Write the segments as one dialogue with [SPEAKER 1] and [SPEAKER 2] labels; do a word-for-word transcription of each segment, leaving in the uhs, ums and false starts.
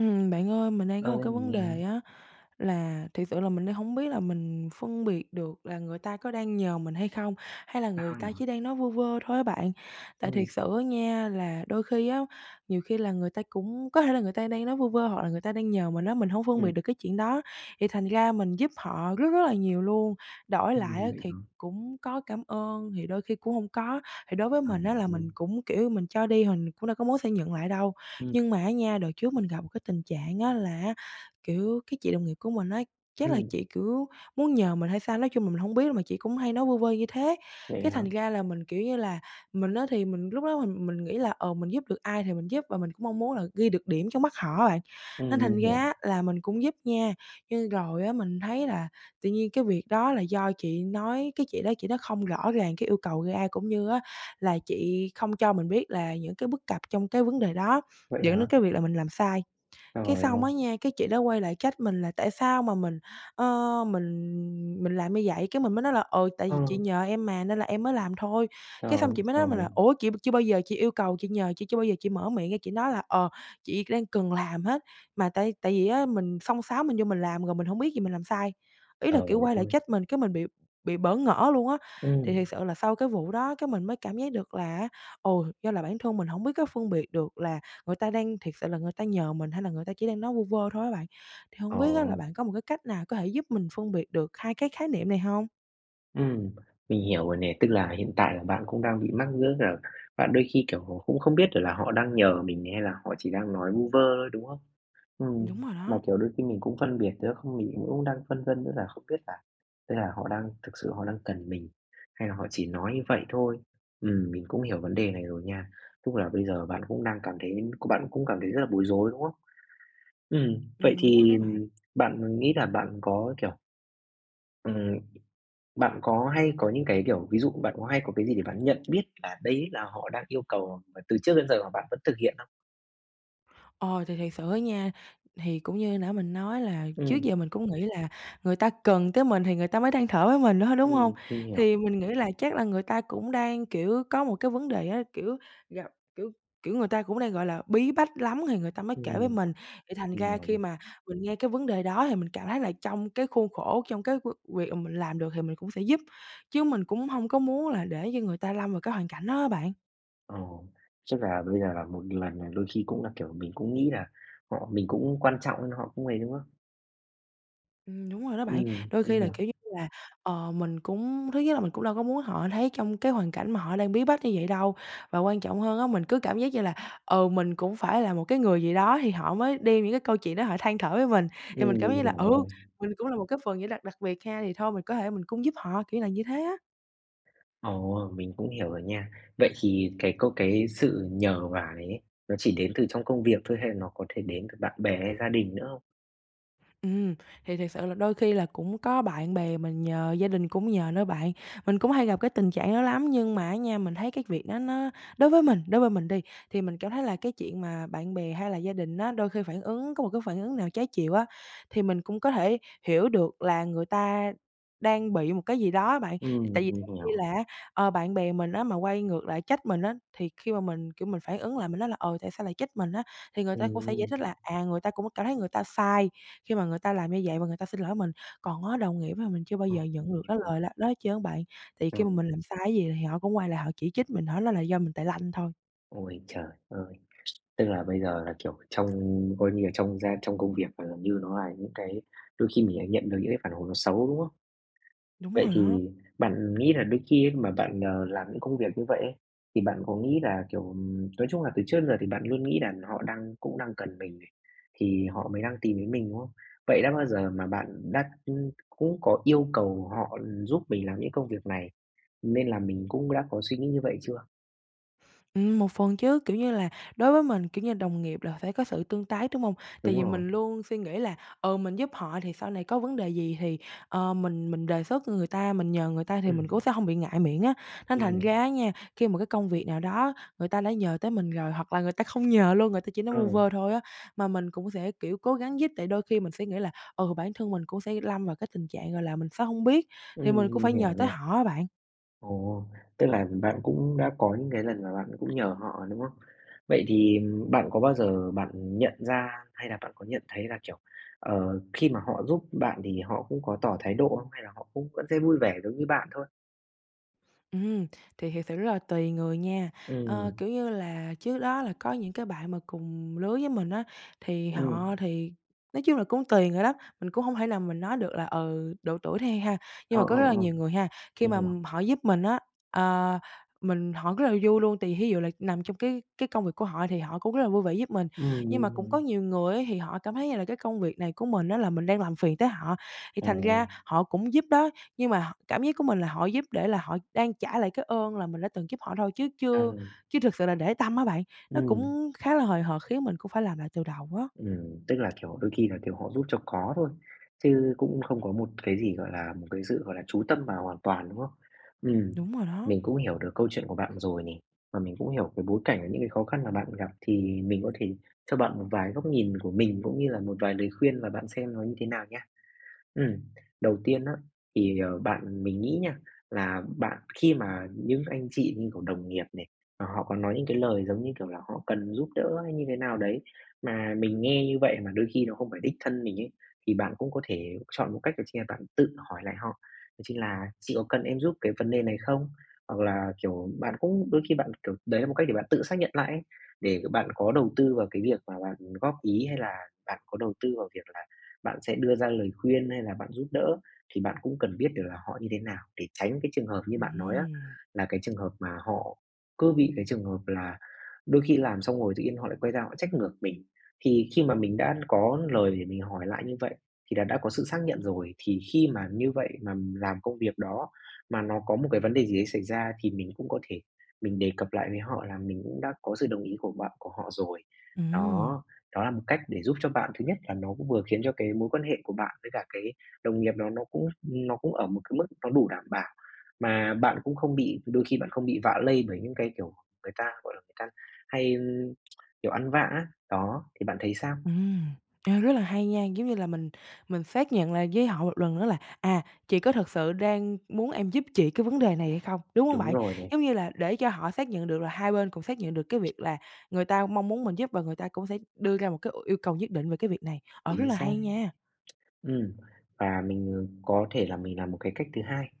[SPEAKER 1] Ừm, bạn ơi, mình đang có một
[SPEAKER 2] Ơi,
[SPEAKER 1] cái
[SPEAKER 2] mình
[SPEAKER 1] vấn
[SPEAKER 2] nghe.
[SPEAKER 1] đề á, là thiệt sự là mình đang hông biết là mình phân biệt được là người ta có đang nhờ mình hay không, hay là người
[SPEAKER 2] Sao nhỉ?
[SPEAKER 1] ta chỉ đang nói vu vơ thôi á bạn. Tại thiệt
[SPEAKER 2] Ừm.
[SPEAKER 1] sự á nha là đôi khi á, nhiều khi là người ta cũng có thể là người ta đang nói vu vơ hoặc là người ta đang nhờ mình á, mình hông phân
[SPEAKER 2] Ừm.
[SPEAKER 1] biệt được cái chuyện đó, thì thành ra mình giúp họ rất rất là nhiều luôn. Đổi lại á
[SPEAKER 2] Ừm, vậy
[SPEAKER 1] thì
[SPEAKER 2] hả?
[SPEAKER 1] cũng có cảm ơn, thì đôi khi cũng hông có. Thì đối với
[SPEAKER 2] À
[SPEAKER 1] mình á là
[SPEAKER 2] [unintelligible]
[SPEAKER 1] mình cũng, kiểu, mình cho đi hình cũng đâu có muốn sẽ nhận lại đâu.
[SPEAKER 2] Ừm.
[SPEAKER 1] Nhưng mà á nha, đợt trước mình gặp một cái tình trạng á là á, kiểu, cái chị đồng nghiệp của mình á, chắc là
[SPEAKER 2] Ừm.
[SPEAKER 1] chị, kiểu, muốn nhờ mình hay sao, nói chung là mình hông biết, mà chị cũng hay nói vu vơ như thế.
[SPEAKER 2] Vậy
[SPEAKER 1] Cái
[SPEAKER 2] hả?
[SPEAKER 1] thành ra là mình, kiểu như là, mình á thì mình lúc đó mình mình nghĩ là, ờ, mình giúp được ai thì mình giúp, và mình cũng mong muốn là ghi được điểm trong mắt họ á bạn,
[SPEAKER 2] Ừm,
[SPEAKER 1] nên thành
[SPEAKER 2] mình
[SPEAKER 1] ra
[SPEAKER 2] hiểu.
[SPEAKER 1] á là mình cũng giúp nha, nhưng rồi á mình thấy là tự nhiên cái việc đó là do chị nói, cái chị đó chị nói không rõ ràng cái yêu cầu ra, cũng như á là chị không cho mình biết là những cái bất cập trong cái vấn đề đó,
[SPEAKER 2] Vậy
[SPEAKER 1] dẫn đến
[SPEAKER 2] hả?
[SPEAKER 1] cái việc là mình làm sai.
[SPEAKER 2] Trời
[SPEAKER 1] Cái
[SPEAKER 2] ơi!
[SPEAKER 1] xong á nha, cái chị đó quay lại trách mình là tại sao mà mình, ơ, mình mình làm như vậy. Cái mình mới nói là "Ừ, tại vì
[SPEAKER 2] Ờ.
[SPEAKER 1] chị nhờ em mà nên là em mới làm thôi."
[SPEAKER 2] Trời
[SPEAKER 1] Cái xong
[SPEAKER 2] ơi
[SPEAKER 1] chị mới nói mình là
[SPEAKER 2] trời!
[SPEAKER 1] "Ủa, chị chưa bao giờ chị yêu cầu, chị nhờ, chị chưa bao giờ chị mở miệng ra chị nói là, ờ, 'chị đang cần làm hết'.", mà tại tại vì á mình xông xáo mình vô mình làm rồi mình hông biết rồi mình làm sai, Ý
[SPEAKER 2] Trời
[SPEAKER 1] là, kiểu, quay lại
[SPEAKER 2] ơi!
[SPEAKER 1] trách mình, cái mình bị bị bỡ ngỡ luôn á. Thì
[SPEAKER 2] Ừm.
[SPEAKER 1] thiệt sự là sau cái vụ đó, cái mình mới cảm giác được là á, ồ, do là bản thân mình hổng biết cái phân biệt được là người ta đang thiệt sự là người ta nhờ mình hay là người ta chỉ đang nói vu vơ thôi á bạn. Thì hông
[SPEAKER 2] Ờ.
[SPEAKER 1] biết á là bạn có một cái cách nào có thể giúp mình phân biệt được hai cái khái niệm này hông?
[SPEAKER 2] Ừm, mình hiểu rồi nè, tức là hiện tại là bạn cũng đang bị mắc nữa là bạn đôi khi, kiểu, cũng không biết được là họ đang nhờ mình hay là họ chỉ đang nói vu vơ thôi, đúng không? Ừm,
[SPEAKER 1] Đúng rồi
[SPEAKER 2] mà,
[SPEAKER 1] đó.
[SPEAKER 2] kiểu, đôi khi mình cũng phân biệt nữa không mình cũng đang phân vân nữa là không biết là, tức là họ đang thực sự họ đang cần mình, hay là họ chỉ nói như vậy thôi. Ừm, mình cũng hiểu vấn đề này rồi nha. Tức là bây giờ bạn cũng đang cảm thấy của bạn cũng cảm thấy rất là bối rối, đúng không? Ừm, vậy
[SPEAKER 1] Ừm, đúng rồi
[SPEAKER 2] thì
[SPEAKER 1] đó bạn.
[SPEAKER 2] bạn nghĩ là bạn có kiểu Ừm, bạn có hay có những cái kiểu ví dụ bạn có hay có cái gì để bạn nhận biết là đấy là họ đang yêu cầu mà từ trước đến giờ mà bạn vẫn thực hiện không?
[SPEAKER 1] Ờ, thì thiệt sự á nha, thì cũng như nãy mình nói là trước
[SPEAKER 2] Ừm.
[SPEAKER 1] giờ mình cũng nghĩ là người ta cần tới mình thì người ta mới than thở với mình thôi, đúng hông?
[SPEAKER 2] Ừm, mình hiểu.
[SPEAKER 1] Thì mình nghĩ là chắc là người ta cũng đang, kiểu, có một cái vấn đề á, kiểu, gặp kiểu kiểu, người ta cũng đang, gọi là, bí bách lắm thì người ta mới kể với
[SPEAKER 2] Ừm.
[SPEAKER 1] mình. Thì thành
[SPEAKER 2] Mình
[SPEAKER 1] ra
[SPEAKER 2] hiểu
[SPEAKER 1] khi
[SPEAKER 2] nè.
[SPEAKER 1] mà mình nghe cái vấn đề đó thì mình cảm thấy là trong cái khuôn khổ, trong cái v việc mà mình làm được thì mình cũng sẽ giúp, chứ mình cũng hông có muốn là để cho người ta lâm vào cái hoàn cảnh đó á bạn.
[SPEAKER 2] Ờ, chắc là bây giờ là một lần là đôi khi cũng là kiểu, mình cũng nghĩ là họ mình cũng quan trọng nên họ cũng ấy, đúng không?
[SPEAKER 1] Ừm, đúng rồi đó bạn,
[SPEAKER 2] Ừm,
[SPEAKER 1] đôi khi
[SPEAKER 2] mình
[SPEAKER 1] là
[SPEAKER 2] hiểu.
[SPEAKER 1] kiểu như là, ờ, mình cũng thứ nhất là mình cũng đâu có muốn họ thấy trong cái hoàn cảnh mà họ đang bí bách như vậy đâu, và quan trọng hơn á, mình cứ cảm giác như là, ừ, mình cũng phải là một cái người gì đó thì họ mới đem những cái câu chuyện đó họ than thở với mình, thì mình
[SPEAKER 2] Ừm,
[SPEAKER 1] cảm giác
[SPEAKER 2] mình
[SPEAKER 1] như là,
[SPEAKER 2] hiểu
[SPEAKER 1] ừ,
[SPEAKER 2] rồi.
[SPEAKER 1] mình cũng là một cái phần như là đặc biệt ha, thì thôi mình có thể mình cũng giúp họ, kiểu là như thế á.
[SPEAKER 2] Ồ! Mình cũng hiểu rồi nha. Vậy thì cái câu cái sự nhờ vả này ấy, nó chỉ đến từ trong công việc thôi hay nó có thể đến từ bạn bè hay gia đình nữa không?
[SPEAKER 1] Ừm, thì thiệt sự là đôi khi là cũng có bạn bè mình nhờ, gia đình cũng nhờ nữa bạn. Mình cũng hay gặp cái tình trạng đó lắm, nhưng mà á nha, mình thấy cái việc đó nó đối với mình đối với mình đi, thì mình cảm thấy là cái chuyện mà bạn bè hay là gia đình á, đôi khi phản ứng có một cái phản ứng nào trái chiều á, thì mình cũng có thể hiểu được là người ta đang bị một cái gì đó á bạn. Tại
[SPEAKER 2] Ừm,
[SPEAKER 1] vì
[SPEAKER 2] mình
[SPEAKER 1] giống như
[SPEAKER 2] hiểu.
[SPEAKER 1] là á, ờ, bạn bè mình á mà quay ngược lại trách mình á, thì khi mà mình, kiểu, mình phản ứng lại mình nói là, ờ, tại sao lại trách mình á, thì người ta cũng sẽ giải
[SPEAKER 2] Ừm.
[SPEAKER 1] thích là, à, người ta cũng cảm thấy người ta sai, khi mà người ta làm như vậy và người ta xin lỗi mình. Còn á đồng nghiệp á là mình chưa bao
[SPEAKER 2] Ừ,
[SPEAKER 1] giờ
[SPEAKER 2] mình
[SPEAKER 1] nhận được
[SPEAKER 2] hiểu,
[SPEAKER 1] cái
[SPEAKER 2] mình
[SPEAKER 1] lời lạ đó hết trơn á bạn. Thì khi mà
[SPEAKER 2] Ừ.
[SPEAKER 1] mình làm sai cái gì thì họ cũng quay lại họ chỉ trích mình, họ nói là do mình tài lanh thôi.
[SPEAKER 2] Ôi trời ơi! Tức là bây giờ là, kiểu, trong coi như là trong gia trong công việc và gần như nó là những cái đôi khi mình lại nhận được những cái phản hồi nó xấu, đúng không?
[SPEAKER 1] Đúng
[SPEAKER 2] Vậy
[SPEAKER 1] rồi đó.
[SPEAKER 2] thì bạn nghĩ là đôi khi ấy mà bạn, ờ, làm những công việc như vậy ấy, thì bạn có nghĩ là, kiểu, ừm, nói chung là từ trước đến giờ thì bạn luôn nghĩ là họ đang cũng đang cần mình này, thì họ mới đang tìm đến mình, đúng không? Vậy đã bao giờ mà bạn đã, ừm, cũng có yêu cầu họ giúp mình làm những công việc này, nên là mình cũng đã có suy nghĩ như vậy chưa?
[SPEAKER 1] Ừm, một phần chứ, kiểu như là đối với mình, kiểu như, đồng nghiệp là phải có sự tương tác, đúng hông? Tại
[SPEAKER 2] Đúng
[SPEAKER 1] vì
[SPEAKER 2] rồi.
[SPEAKER 1] mình luôn suy nghĩ là, ừ, mình giúp họ thì sau này có vấn đề gì thì, ờ, mình mình đề xuất người ta, mình nhờ người ta thì mình cũng
[SPEAKER 2] Ừm.
[SPEAKER 1] sẽ hông bị ngại miệng á. Nên
[SPEAKER 2] Mình
[SPEAKER 1] thành
[SPEAKER 2] hiểu.
[SPEAKER 1] ra á nha, khi mà cái công việc nào đó người ta đã nhờ tới mình rồi hoặc là người ta không nhờ luôn, người ta chỉ nói
[SPEAKER 2] Ờ.
[SPEAKER 1] vu vơ thôi á, mà mình cũng sẽ, kiểu, cố gắng giúp. Tại đôi khi mình sẽ nghĩ là, ừ, bản thân mình cũng sẽ lâm vào cái tình trạng, gọi là, mình sẽ hông biết thì
[SPEAKER 2] Ừm,
[SPEAKER 1] mình cũng
[SPEAKER 2] mình
[SPEAKER 1] phải
[SPEAKER 2] hiểu
[SPEAKER 1] nhờ tới
[SPEAKER 2] này.
[SPEAKER 1] họ á bạn.
[SPEAKER 2] Ồ! Tức là bạn cũng đã có những cái lần mà bạn cũng nhờ họ, đúng không? Vậy thì bạn có bao giờ bạn nhận ra hay là bạn có nhận thấy là, kiểu, ờ, khi mà họ giúp bạn thì họ cũng có tỏ thái độ không hay là họ cũng vẫn sẽ vui vẻ giống như bạn thôi?
[SPEAKER 1] Ừm, thì thật sự rất là tùy người nha. Ờ,
[SPEAKER 2] Ừm.
[SPEAKER 1] kiểu như là, trước đó là có những cái bạn mà cùng lứa với mình á, thì
[SPEAKER 2] Ừm.
[SPEAKER 1] họ thì nói chung là cũng tùy người lắm, mình cũng hông thể nào mình nói được là, ừ, độ tuổi đi ha, nhưng
[SPEAKER 2] Ờ,
[SPEAKER 1] mà
[SPEAKER 2] ờ,
[SPEAKER 1] có rất là
[SPEAKER 2] ờ,
[SPEAKER 1] nhiều người ha, khi
[SPEAKER 2] mình
[SPEAKER 1] mà
[SPEAKER 2] hiểu.
[SPEAKER 1] họ giúp mình á, ờ, mình họ rất là vui luôn, tại vì thí dụ là nằm trong cái cái cái công việc của họ thì họ cũng rất là vui vẻ giúp mình.
[SPEAKER 2] Ừm,
[SPEAKER 1] Nhưng
[SPEAKER 2] mình
[SPEAKER 1] mà cũng có
[SPEAKER 2] hiểu.
[SPEAKER 1] nhiều người á, thì họ cảm thấy như là cái công việc này của mình á, là mình đang làm phiền tới họ, thì thành
[SPEAKER 2] Ồ!
[SPEAKER 1] ra họ cũng giúp đó nhưng mà họ cảm giác của mình là họ giúp để là họ đang trả lại cái ơn là mình đã từng giúp họ thôi chứ chưa
[SPEAKER 2] Ừ.
[SPEAKER 1] chứ thực sự là để tâm á bạn, nó
[SPEAKER 2] Ừm.
[SPEAKER 1] cũng khá là hời hợt khiến mình cũng phải làm lại từ đầu á.
[SPEAKER 2] Ừm. Tức là, kiểu, đôi khi là, kiểu, họ giúp cho có thôi, chứ cũng không có một cái gì, gọi là, một cái sự, gọi là, chú tâm vào hoàn toàn, đúng không? Ừm.
[SPEAKER 1] Đúng rồi đó.
[SPEAKER 2] Mình cũng hiểu được câu chuyện của bạn rồi này, và mình cũng hiểu cái bối cảnh và những cái khó khăn mà bạn gặp thì mình có thể cho bạn một vài góc nhìn của mình, cũng như là một vài lời khuyên và bạn xem nó như thế nào nhá. Ừm. Đầu tiên á, thì, ờ, bạn mình nghĩ nha, là bạn khi mà những anh chị như, kiểu, đồng nghiệp nè, mà họ có nói những cái lời, giống như kiểu, là họ cần giúp đỡ hay như thế nào đấy, mà mình nghe như vậy mà đôi khi nó không phải đích thân mình ấy, thì bạn cũng có thể chọn một cách chính là bạn tự hỏi lại họ, đó chính là "Chị có cần em giúp cái vấn đề cái này không?" Hoặc là, kiểu, bạn cũng đôi khi bạn, kiểu, đấy là một cách để bạn tự xác nhận lại, để bạn có đầu tư vào cái việc mà bạn góp ý hay là bạn có đầu tư vào việc là bạn sẽ đưa ra lời khuyên hay là bạn giúp đỡ, thì bạn cũng cần biết được là họ như thế nào để tránh cái trường hợp như bạn nói á,
[SPEAKER 1] Ừm.
[SPEAKER 2] là cái trường hợp mà họ cứ bị cái trường hợp là đôi khi làm xong rồi tự nhiên họ lại quay ra họ trách ngược mình. Thì khi mà mình đã có lời để mình hỏi lại như vậy, thì là đã có sự xác nhận rồi, thì khi mà như vậy mà làm công việc đó, mà nó có một cái vấn đề gì ấy xảy ra, thì mình cũng có thể mình đề cập lại với họ là mình cũng đã có sự đồng ý của bạn của họ rồi.
[SPEAKER 1] Ừm.
[SPEAKER 2] Đó, đó là một cách để giúp cho bạn, thứ nhất là nó cũng vừa khiến cho cái mối quan hệ của bạn với cả cái đồng nghiệp đó nó cũng nó cũng ở một cái mức nó đủ đảm bảo. Mà bạn cũng không bị đôi khi bạn không bị vạ lây bởi những cái, kiểu, người ta, gọi là, người ta hay, kiểu, ăn vạ á, đó, thì bạn thấy sao?
[SPEAKER 1] Ừm. Ê, rất là hay nha, giống như là mình mình xác nhận lại với họ một lần nữa là, à, chị có thật sự đang muốn em giúp chị cái vấn đề này hay không, đúng hông
[SPEAKER 2] Đúng
[SPEAKER 1] bạn?
[SPEAKER 2] rồi nè.
[SPEAKER 1] Giống như là, để cho họ xác nhận được là hai bên cũng xác nhận được cái việc là người ta mong muốn mình giúp và người ta cũng sẽ đưa ra một cái yêu cầu nhất định về cái việc này. Ờ, rất
[SPEAKER 2] Chính
[SPEAKER 1] là hay
[SPEAKER 2] xác.
[SPEAKER 1] nha!
[SPEAKER 2] Ừm, và mình, ờ, có thể là mình làm một cái cách thứ hai.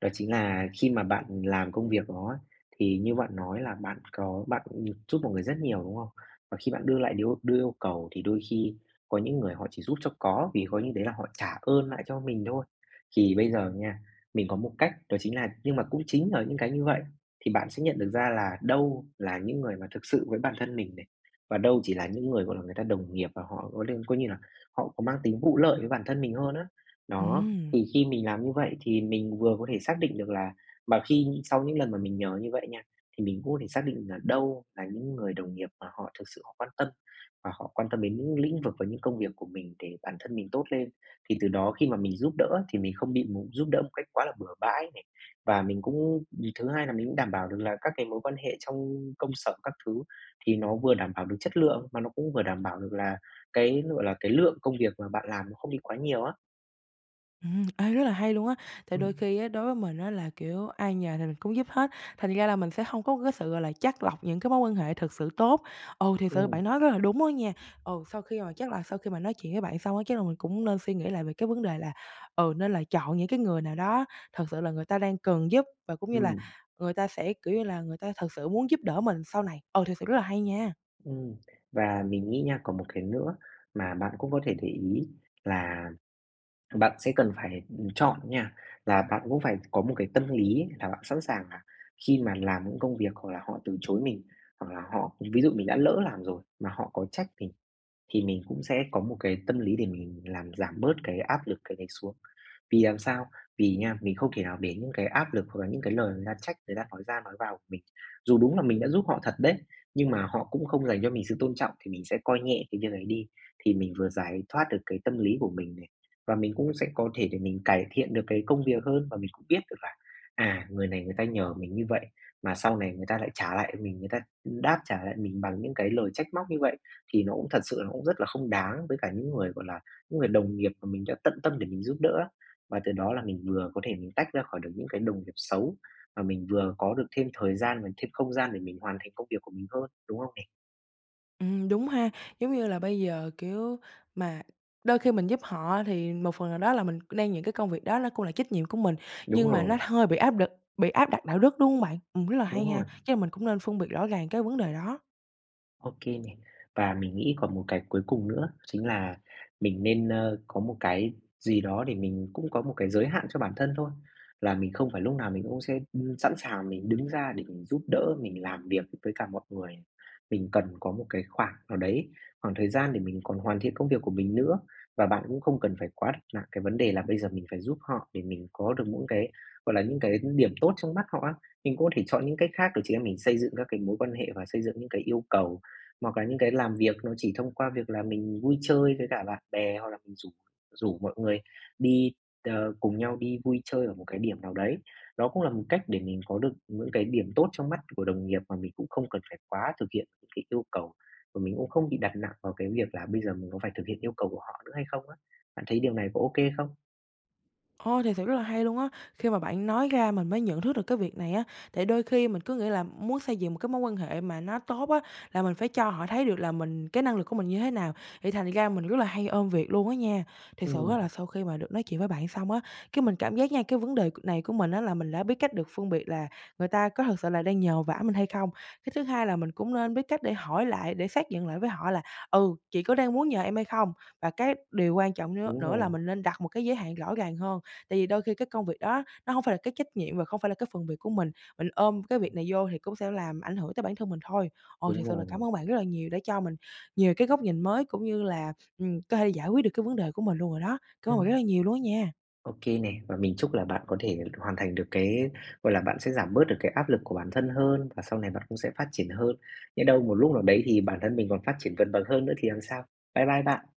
[SPEAKER 2] Đó chính là khi mà bạn làm công việc đó ấy, thì như bạn nói là bạn có bạn giúp mọi người rất nhiều, đúng không? Và khi bạn đưa lại nếu đưa yêu cầu thì đôi khi có những người họ chỉ giúp cho có, vì coi như đấy là họ trả ơn lại cho mình thôi. Thì bây giờ nha, mình có một cách, đó chính là nhưng mà cũng chính là những cái như vậy thì bạn sẽ nhận được ra là đâu là những người mà thực sự với bản thân mình này, và đâu chỉ là những người, gọi là, người ta đồng nghiệp và họ coi lư coi như là họ có mang tính vụ lợi với bản thân mình hơn á. Đó,
[SPEAKER 1] Ừm.
[SPEAKER 2] thì khi mình làm như vậy thì mình vừa có thể xác định được là mà khi sau những lần mà mình nhờ như vậy nha, thì mình cũng có thể xác định là đâu là những người đồng nghiệp mà họ thực sự họ quan tâm, và họ quan tâm đến những lĩnh vực và những công việc của mình để bản thân mình tốt lên. Thì từ đó khi mà mình giúp đỡ á, thì mình không bị một giúp đỡ một cách quá là bừa bãi này. Và mình cũng nh thứ hai là mình cũng đảm bảo được là các cái mối quan hệ trong công sở, các thứ thì nó vừa đảm bảo được chất lượng, mà nó cũng vừa đảm bảo được là cái, nó gọi là, cái lượng công việc mà bạn làm nó không đi quá nhiều á.
[SPEAKER 1] Ừm, ê, rất là hay luôn á! Thì đôi
[SPEAKER 2] Ừm.
[SPEAKER 1] khi á, đối với mình á, là, kiểu, ai nhờ thì mình cũng giúp hết, thành ra là mình sẽ hông có cái sự, gọi là, chắt lọc những cái mối quan hệ thực sự tốt. Ừ, thực sự
[SPEAKER 2] Ừm.
[SPEAKER 1] bạn nói rất là đúng đó nha. Ừ, sau khi mà chắc là sau khi mà nói chuyện với bạn xong á, chắc là mình cũng nên suy nghĩ lại về cái vấn đề là, ừ, nên là chọn những cái người nào đó thật sự là người ta đang cần giúp, và cũng như là
[SPEAKER 2] Ừm.
[SPEAKER 1] người ta sẽ, kiểu như là, người ta thật sự muốn giúp đỡ mình sau này. Ờ, thực sự rất là hay nha!
[SPEAKER 2] Ừm. Và mình nghĩ nha, còn một cái nữa mà bạn cũng có thể để ý là bạn sẽ cần phải, ừm, chọn nha, là bạn cũng phải có một cái tâm lý là bạn sẵn sàng là khi mà làm những công việc hoặc là họ từ chối mình, hoặc là họ ví dụ mình đã lỡ làm rồi mà họ có trách mình, thì mình cũng sẽ có một cái tâm lý để mình làm giảm bớt cái áp lực cái này xuống. Vì làm sao? Vì nha, mình không thể nào để những cái áp lực hoặc là những cái lời người ta trách, người ta nói ra nói vào mình. Dù đúng là mình đã giúp họ thật đấy, nhưng mà họ cũng không dành cho mình sự tôn trọng, thì mình sẽ coi nhẹ cái việc ấy đi. Thì mình vừa giải thoát được cái tâm lý của mình này, và mình cũng sẽ có thể để mình cải thiện được cái công việc hơn, và mình cũng biết được là, à, người này người ta nhờ mình như vậy mà sau này người ta lại trả lại mình người ta đáp trả lại mình bằng những cái lời trách móc như vậy, thì nó cũng thật sự là nó cũng rất là không đáng với cả những người, gọi là, những người đồng nghiệp mà mình đã tận tâm để mình giúp đỡ á. Mà từ đó là mình vừa có thể mình tách ra khỏi được những cái đồng nghiệp xấu, mà mình vừa có được thêm thời gian và thêm không gian để mình hoàn thành công việc của mình hơn, đúng không nè?
[SPEAKER 1] Ừm, đúng ha, giống như là, bây giờ, kiểu, mà đôi khi mình giúp họ, thì một phần nào đó là mình c đang những cái công việc đó ló cũng là trách nhiệm của mình,
[SPEAKER 2] Đúng
[SPEAKER 1] nhưng mà nó
[SPEAKER 2] rồi.
[SPEAKER 1] hơi bị áp đực bị áp đặt đạo đức, đúng hông bạn? Ừm, rất là
[SPEAKER 2] Đúng
[SPEAKER 1] hay ha,
[SPEAKER 2] rồi.
[SPEAKER 1] chắc là mình cũng nên phân biệt rõ ràng cái vấn đề đó.
[SPEAKER 2] OK nè. Và mình nghĩ còn một cái cuối cùng nữa chính là mình nên, ơ, có một cái gì đó để mình cũng có một cái giới hạn cho bản thân thôi, là mình không phải lúc nào mình cũng sẽ, ưm, sẵn sàng mình đứng ra để mình giúp đỡ, mình làm việc với cả mọi người, mình cần có một cái khoảng nào đấy, khoảng thời gian để mình còn hoàn thiện công việc của mình nữa. Và bạn cũng không cần phải quá đặt nặng cái vấn đề là bây giờ mình phải giúp họ để mình có được những cái, gọi là, những cái điểm tốt trong mắt họ á, mình có thể chọn những cách khác để chị em mình xây dựng ra cái mối quan hệ và xây dựng những cái yêu cầu, hoặc là những cái làm việc nó chỉ thông qua việc là mình vui chơi với cả bạn bè hoặc là mình rủ rủ mọi người đi, ờ, cùng nhau đi vui chơi ở một cái điểm nào đấy. Đó cũng là một cách để mình có được những cái điểm tốt trong mắt của đồng nghiệp mà mình cũng không cần phải quá thực hiện cái yêu cầu, và mình cũng không bị đặt nặng vào cái việc là bây giờ mình có phải thực hiện yêu cầu của họ nữa hay không á. Bạn thấy điều này có OK không?
[SPEAKER 1] Ồ, thiệt sự rất là hay luôn á. Khi mà bạn nói ra mình mới nhận thức được cái việc này á, tại đôi khi mình cứ nghĩ là muốn xây dựng một cái mối quan hệ mà nó tốt á, là mình phải cho họ thấy được là mình cái năng lực của mình như thế nào, thì thành ra mình rất là hay ôm việc luôn á nha. Thiệt sự
[SPEAKER 2] Ừm.
[SPEAKER 1] á, là sau khi mà được nói chuyện với bạn xong á, cái mình cảm giác nha, cái vấn đề c này của mình á, là mình đã biết cách được phân biệt là người ta có thực sự là đang nhờ vả mình hay không. Cái thứ hai là mình cũng nên biết cách để hỏi lại để xác nhận lại với họ là "Ừ, chị có đang muốn nhờ em hay không?" và cái điều quan trọng nưa
[SPEAKER 2] Đúng
[SPEAKER 1] nữa là
[SPEAKER 2] rồi.
[SPEAKER 1] mình nên đặt một cái giới hạn rõ ràng hơn, tại vì đôi khi cái công việc đó nó hông phải là cái trách nhiệm và không phải là cái phần việc của mình, mình ôm cái việc
[SPEAKER 2] Ừm.
[SPEAKER 1] này vô thì cũng sẽ làm ảnh hưởng tới bản thân mình thôi. Ờ,
[SPEAKER 2] Đúng
[SPEAKER 1] thiệt sự là
[SPEAKER 2] rồi.
[SPEAKER 1] cảm ơn bạn rất là nhiều đã cho mình nhiều cái góc nhìn mới, cũng như là, ừm, có thể là giải quyết được cái vấn đề của mình luôn rồi đó. Cảm ơn bạn rất
[SPEAKER 2] Ừm.
[SPEAKER 1] là nhiều luôn á nha.
[SPEAKER 2] OK nè, và mình chúc là bạn có thể hoàn thành được cái gọi là, bạn sẽ giảm bớt được cái áp lực của bản thân hơn, và sau này bạn cũng sẽ phát triển hơn, nhỡ đâu một lúc nào đấy thì bản thân mình còn phát triển vượt bậc hơn nữa thì làm sao? Bye bye bạn.